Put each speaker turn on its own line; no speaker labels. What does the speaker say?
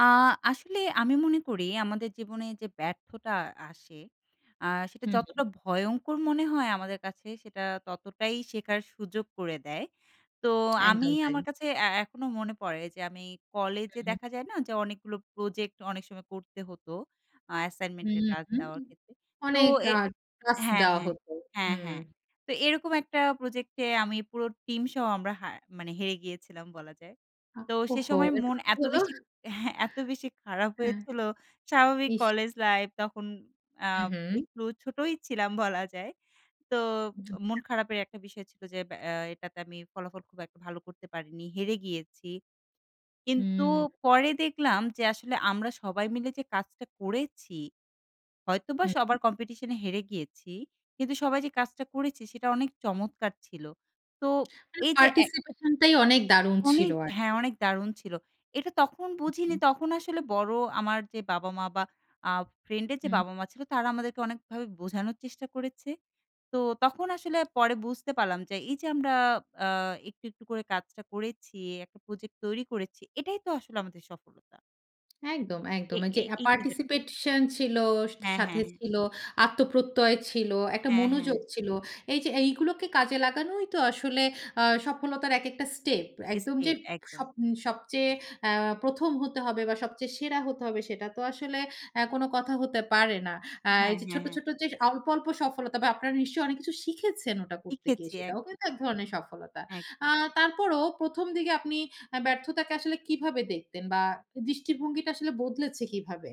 আ আসলে আমি মনে করি আমাদের জীবনে যে ব্যর্থটা আসে আ সেটা
হু,
যতটা
হু।
ভয়ঙ্কর মনে হয় আমাদের কাছে, সেটা ততটাই শেখার সুযোগ করে দেয়। তো আমি
একদম তাই।
আমার কাছে এ এখনও মনে পড়ে যে আমি
হু,
কলেজে
হু।
দেখা যায় না যে অনেকগুলো প্রজেক্ট অনেক সময় করতে হতো, আ অ্যাসাইনমেন্টের
হুম,
কাজ
হুম।
দেওয়ার ক্ষেত্রে তো
অনেক
এ
আ কাজ
হ্যাঁ,
দেওয়া
হ্যাঁ।
হত।
হ্যাঁ,
হুম।
হ্যাঁ। তো এরকম একটা প্রজেক্ট এ আমি পুরো টিমসহ আমরা হা মানে হেরে গিয়েছিলাম বলা যায়।
আ
তো সে
ওহো!
সময় মন
এরপর কি
এত
হলো?
বেশি হ্যাঁ, এত বেশি খারাপ
হ্যাঁ।
হয়েছিল। স্বাভাবিক
ইস!
কলেজ লাইফ তখন আ
হু, হু।
একটু ছোটই ছিলাম বলা যায়। তো মন
আচ্ছা।
খারাপের একটা বিষয় ছিল যে ব্যা এটাতে আমি ফলাফল খুব একটা ভালো করতে পারিনি। হেরে গিয়েছি। কিন্তু
হুম।
পরে দেখলাম যে আসলে আমরা সবাই মিলে যে কাজটা করেছি, হয়তোবা
হু, হু।
সবার কম্পিটিশন এ হেরে গিয়েছি। কিন্তু সবাই যে কাজটা করেছে সেটা অনেক চমৎকার ছিল। তো
মানে
এইযে এ
পার্টিসিপেশনটাই অনেক দারুন ছিল
অনেক হ্যাঁ
আরকি।
অনেক দারুণ ছিল। এটা তখন
হু,
বুঝিনি
হুম।
তখন আসলে বড়ো আমার যে বাবা-মা বা আ ফ্রেন্ডের যে
হুম।
বাবা-মা ছিল তারা আমাদেরকে অনেকভাবে বোঝানোর চেষ্টা করেছে। তো তখন আসলে পরে বুঝতে পারলাম যে এইযে আমরা আ একটু, একটু করে কাজটা করেছি একটা প্রোজেক্ট তৈরি করেছি এটাই তো আসলে আমাদের সফলতা।
একদম,
এ
একদম।
এ
এইযে আ
এই চিন্তাটা। [unintelligible]
পার্টিসিপেশন ছিল,
হ্যাঁ, হ্যাঁ,
সাথে
হ্যাঁ।
ছিল, আত্মপ্রত্যয় ছিল, একটা
হ্যাঁ, হ্যাঁ।
মনোযোগ ছিল। এইযে এইগুলোকে কাজে লাগানোই তো আসলে আ সফলতার এক একটা স্টেপ। একদম যে
স্টেপ একদম।
সব সবচেয়ে আ ১ম হতে হবে, বা সবচেয়ে সেরা হতে হবে। সেটা তো আসলে আ কোনো কথা হতে পারে না। আ
হ্যাঁ,
এইযে
হ্যাঁ,
ছোট্ট,
হ্যাঁ।
ছোট্ট যে অল্প, অল্প সফলতা বা আপনারা নিশ্চয়ই অনেক কিছু শিখেছেন ওটা করতে গিয়ে
শিখেছি এক
সেটাও কিন্তু এক ধরনের সফলতা। আ
এক
তারপরও ১ম দিকে আপনি আ ব্যর্থতাকে আসলে কীভাবে দেখতেন? বা দৃষ্টিভঙ্গিটা আসলে বদলেছে কীভাবে?